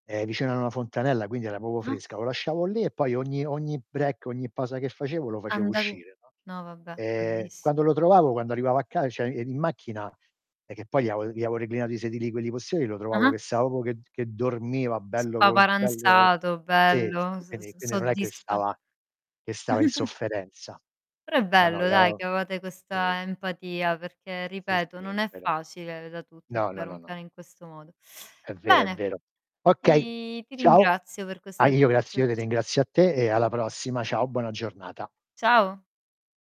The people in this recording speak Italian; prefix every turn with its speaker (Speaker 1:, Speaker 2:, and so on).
Speaker 1: Ehm, vicino a n una fontanella quindi era proprio
Speaker 2: Mh-mh.
Speaker 1: fresca. Lo lasciavo lì e poi ogni ogni break, ogni pausa che facevo, lo facevo
Speaker 2: Andan
Speaker 1: uscire, no,
Speaker 2: no, vabbè,
Speaker 1: ehm,
Speaker 2: belliss
Speaker 1: quando lo trovavo, quando arrivavo a ca cioè, ehm, in macchina è che poi gli avo gli avevo reclinato i sedili quelli posteriori, lo trovavo
Speaker 2: Ah-ah.
Speaker 1: che stava proprio, che che dormiva bello com bello
Speaker 2: Spaparanzato,
Speaker 1: sì,
Speaker 2: bello,
Speaker 1: s
Speaker 2: s s
Speaker 1: quindi quindi non è che
Speaker 2: soddisfa
Speaker 1: stava che stava in sofferenza.
Speaker 2: Però è
Speaker 1: No, no,
Speaker 2: bello, dai,
Speaker 1: iao
Speaker 2: che avevate
Speaker 1: i
Speaker 2: questa empatia, perché
Speaker 1: Sì,
Speaker 2: ripeto,
Speaker 1: sì, è
Speaker 2: non è
Speaker 1: vero.
Speaker 2: facile da tutti
Speaker 1: No, no,
Speaker 2: educare un
Speaker 1: no, no.
Speaker 2: cane in questo modo.
Speaker 1: È vero, è
Speaker 2: Bene,
Speaker 1: vero. Okay,
Speaker 2: ti ti
Speaker 1: ciao.
Speaker 2: ringrazio per
Speaker 1: Ah
Speaker 2: questa
Speaker 1: io grazie io te
Speaker 2: conversazio
Speaker 1: ringrazio a te e alla prossima. Ciao, buona giornata.
Speaker 2: Ciao.